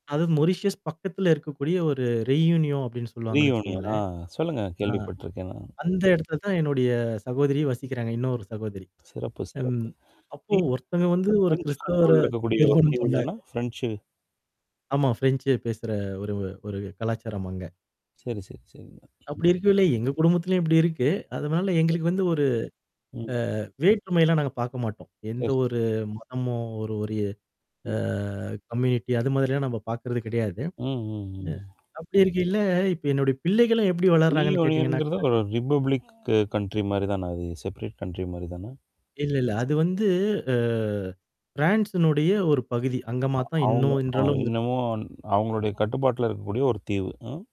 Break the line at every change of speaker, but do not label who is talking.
அதாவது மொரிஷியஸ் பக்கத்துல இருக்கக்கூடிய ஒரு ரெயூனியோ, அப்டின்னு சொல்லுவாங்கன்னு
ரியூனியன், ஆ
வச்சுக்கோங்களேன்.
சொல்லுங்க
ஆ,
கேள்விப்பட்ருக்கேன் நானு.
அந்த எடத்துல தான் என்னுடைய சகோதரி வசிக்கிறாங்க, இன்னொரு சகோதரி.
சிறப்பு,
ம்,
சிறப்பு.
அப்ப ஒருத்தங்க
அந்த
வந்து ஒரு
ஃப்ரெஞ்சு
கிறிஸ்தவர
கண்ட்ரோல்ல இருக்கக்கூடிய ஒரு
திருமணம்
தீவு
பண்ணாங்க.
தான? ஃப்ரெஞ்சு.
ஆமா, ஃரெஞ்சு பேசுற ஒரு ஒரு கலாச்சாரம் அங்க.
சரி, சரி, சரிங்க. ம்.
அப்டி இருக்கேல்ல, எங்க குடும்பத்துலயும் இப்டி இருக்கு, அதுனால
ஓ.
எங்களுக்கு வந்து ஒரு
ம்.
அ வேற்றுமைலாம் நாங்க பாக்க மாட்டோம். எந்த
சரி.
ஒரு மதமோ ஒரு ஒரு அ
ம்.
கம்யூனிட்டி அது மாதிரிலாம் நம்ம பாக்குறது கிடையாது.
ம். ம்.
ம்,
ம்.
அப்டி இருக்கையில, இப்ப என்னுடைய பிள்ளைகளும் எப்டி வளர்ராங்கன்னு கேட்டீங்கன்னாக்கா?
ரியூனியன்ங்குறது, ஒரு ரிப்பப்ளிக் கண்ட்ரி மாரி தான அது செப்ரேட் கண்ட்ரி மாரி தான?
இல்ல, இல்ல, அது வந்து அ ஃப்ரான்ஸினுடைய ஒரு பகுதி,
அ
அங்கமாத்தான்
அவுங்க
இன்னும்
அ
இன்றளவம்
இன்னமும் அ அவுங்களுடைய கட்டுப்பாட்டுல இருக்கக்கூடிய ஒரு தீவு ம்.